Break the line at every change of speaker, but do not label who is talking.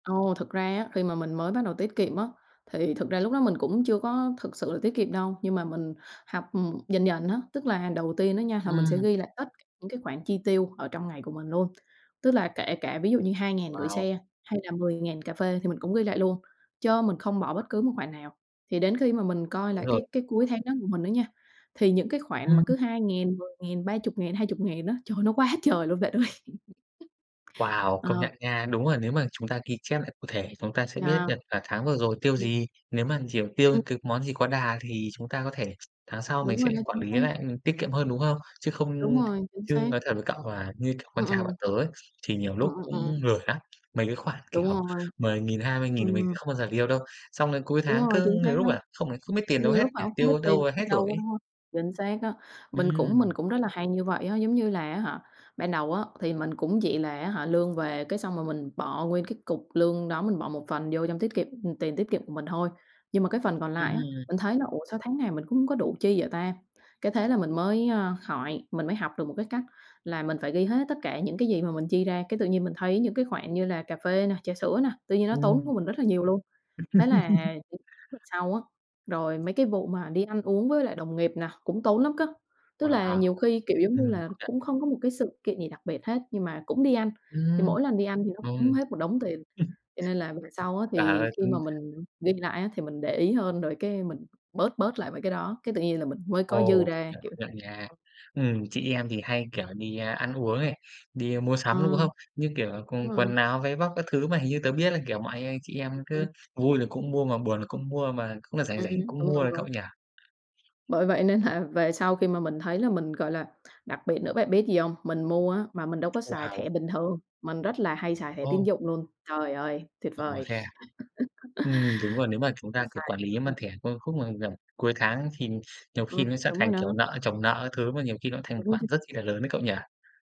Ồ, thực ra á, khi mà mình mới bắt đầu tiết kiệm á, thì thực ra lúc đó mình cũng chưa có thực sự là tiết kiệm đâu, nhưng mà mình học, ừm, dần dần á. Tức là đầu tiên á nha, là mình sẽ
Ừm.
ghi lại tất cả những cái khoản chi tiêu ở trong ngày của mình luôn, tức là kể cả ví dụ như 2.000 gửi
Wow!
xe, hay là 10.000 cà phê thì mình cũng ghi lại luôn, chớ mình không bỏ bất cứ một khoản nào. Thì đến khi mà mình coi
Đúng
lại
rồi.
cái cái cuối tháng đó của mình đó nha, thì những cái khoản mà cứ
Ừm.
2.000, 10.000, 30.000, 20.000 á, trời ơi, nó quá trời luôn bạn ơi.
Wow!
Ờ.
Công nhận nha. Đúng là nếu mà chúng ta ghi chép lại cụ thể, chúng ta sẽ biết
Yeah.
được, à, tháng vừa rồi tiêu
Ừm.
gì. Nếu mà, kiểu, tiêu t món gì quá đà, thì chúng ta có thể tháng sau mình
Đúng
sẽ
rồi đó,
quản
chính
lý
xác.
lại, ừm, tiết kiệm hơn, đúng không? Chứ
Đúng
không
rồi, chính
chứ
xác.
nói thật với cậu là, như kiểu,
Ờ,
con
ờ.
trai bọn tớ ấy, thì nhiều
Ờ,
lúc cũng
ờ, ờ.
lười lắm, mấy cái khoản,
Đúng
kiểu,
rồi.
10.000, 20.000, thì mình sẽ
Ừm.
không bao giờ deal đâu, xong đến cuối
Đúng
tháng
rồi,
cứ
chính xác
nhiều lúc
đó.
là không không biết tiền đâu
Nhiều
hết
lúc hả,
nhỉ?
không biết
Tiêu
tiền
đâu
ở
hết
đâu
rồi
đó,
ấy.
đúng hông? Chính xác á. Mình cũng mình
Ừm.
cũng rất là hay như vậy á. Giống như là á hả, ban đầu á thì mình cũng chỉ là á hả, lương về, cái xong rồi mình bỏ nguyên cái cục lương đó, mình bỏ một phần vô trong tiết kiệm, ừm, tiền tiết kiệm của mình thôi. Nhưng mà cái phần còn lại á,
Ừm.
mình thấy là "Ủa, sao tháng này mình cũng hông có đủ chi vậy ta?" Cái thế là mình mới, a, hỏi mình mới học được một cái cách là mình phải ghi hết tất cả những cái gì mà mình chi ra, cái tự nhiên mình thấy những cái khoản như là cà phê nè, trà sữa nè, tự nhiên nó tốn
Ừm.
của mình rất là nhiều luôn. Thế là những lần sau á rồi mấy cái vụ mà đi ăn uống với lại đồng nghiệp nè cũng tốn lắm cá. Tức là
Wow!
nhiều khi, kiểu, giống như
Ừm,
là,
công nhận.
cũng không có một cái sự kiện gì đặc biệt hết, nhưng mà cũng đi ăn, thì
Ừm,
mỗi lần đi ăn thì nó
ừm.
cũng hết một đống tiền. Cho nên là về sau á,
Trời
thì
ơi,
khi mà
cũng
mình ghi lại á, thì mình để ý hơn, rồi cái mình bớt bớt lại mấy cái đó, cái tự nhiên là mình mới có dư
Ồ. Công
ra,
nhận,
kiểu
công nhận nha. Ừm, chị em thì hay, kiểu, đi, a, ăn uống này, đi mua
Ờ.
sắm, đúng hông? Như kiểu là,
Đúng
còn
rồi.
quần áo, váy vóc các thứ, mà hình như tớ biết là, kiểu mà, anh anh chị em
Ừm.
cứ vui là cũng mua, mà buồn là cũng mua, mà cũng là rảnh
Ừm,
rảnh cũng
đúng,
mua
đúng,
đấy
đúng.
cậu nhỉ?
Bởi vậy nên là về sau khi mà mình thấy là mình, gọi là đặc biệt nữa bạn biết gì hông? Mình mua á, mà mình đâu có xài
Wow!
thẻ bình thường, mình rất là hay xài thẻ tín
Ồ!
dụng luôn. Trời ơi, tuyệt
Ồ!
vời!
Thế à? Ừm, đúng rồi. Nếu mà chúng ta,
Mình
kiểu,
xài
quản
cái đó
lý bằng
thôi.
thẻ, có cái khúc mà tầm cuối tháng thì nhiều khi
Ừm,
nó sẽ
đúng
thành,
rồi đó.
kiểu, nợ chồng nợ các thứ, mà nhiều khi nó cũng thành một
Đúng á
khoản
chứ.
rất chi là lớn đấy cậu nhỉ?